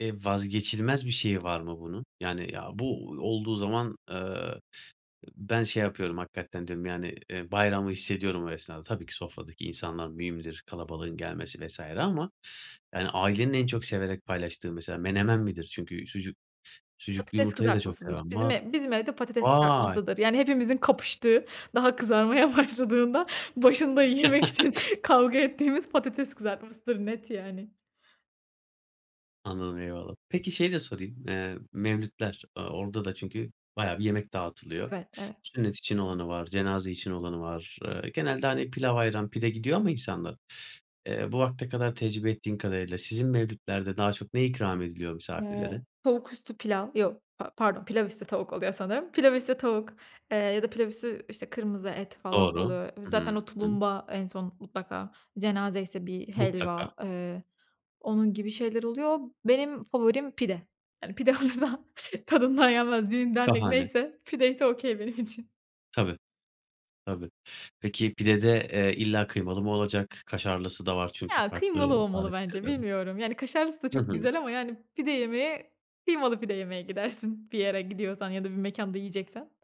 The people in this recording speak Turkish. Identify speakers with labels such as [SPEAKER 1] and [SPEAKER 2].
[SPEAKER 1] Eee, vazgeçilmez bir şeyi var mı bunun? Yani, "Ya, bu olduğu zaman, eee, ı ben şey yapıyorum, hakikaten diyorum, yani, eee, bayramı hissediyorum o esnada." Tabii ki sofradaki insanlar mühimdir, kalabalığın gelmesi vs. ama, yani, ailenin en çok severek paylaştığı mesela menemen midir? Çünkü sucuk sucuklu
[SPEAKER 2] Patates
[SPEAKER 1] yumurtayı da çok
[SPEAKER 2] kızartmasıdır.
[SPEAKER 1] seven
[SPEAKER 2] Bizim
[SPEAKER 1] var.
[SPEAKER 2] ev bizim evde patates
[SPEAKER 1] Vay!
[SPEAKER 2] kızartmasıdır. Yani, hepimizin kapıştığı, daha kızarmaya başladığında başında yemek için kavga ettiğimiz patates kızartmasıdır. Net, yani.
[SPEAKER 1] Anladım, eyvallah. Peki şeyi de sorayım: Eee, mevlitler, aaa, orada da çünkü bayağı bir yemek dağıtılıyor.
[SPEAKER 2] Evet, evet.
[SPEAKER 1] Sünnet için olanı var, cenaze için olanı var. Eee, genelde, hani, pilav, ayran, pide gidiyor ama insanlar. Eee, bu vakte kadar tecrübe ettiğin kadarıyla sizin mevlitlerde daha çok ne ikram ediliyor
[SPEAKER 2] Eee,
[SPEAKER 1] misafirlere?
[SPEAKER 2] tavuk üstü pilav. Yok, pa pardon, pilav üstü tavuk oluyor sanırım. Pilav üstü tavuk, eee, ya da pilav üstü, işte, kırmızı et falan
[SPEAKER 1] Doğru.
[SPEAKER 2] oluyor. V
[SPEAKER 1] Hı
[SPEAKER 2] zaten o
[SPEAKER 1] hı, hı.
[SPEAKER 2] tulumba en son mutlaka cenazeyse bir
[SPEAKER 1] Mutlaka.
[SPEAKER 2] helva, eee, onun gibi şeyler oluyor. Benim favorim pide. Yani, pide olursa tadından yenmez. Düğün dernek
[SPEAKER 1] Şahane.
[SPEAKER 2] neyse pide ise okay benim için.
[SPEAKER 1] Tabii. Tabii. Peki, pide de, eee, illa kıymalı mı olacak? Kaşarlısı da var çünkü
[SPEAKER 2] Ya,
[SPEAKER 1] farklı
[SPEAKER 2] kıymalı olmalı bence
[SPEAKER 1] tarifleride var.
[SPEAKER 2] bilmiyorum. Yani, kaşarlısı da
[SPEAKER 1] Hı
[SPEAKER 2] çok
[SPEAKER 1] hı.
[SPEAKER 2] güzel ama, yani, pide yemeye kıymalı pide yemeye gidersin. Bir yere gidiyorsan ya da bir mekânda yiyeceksen.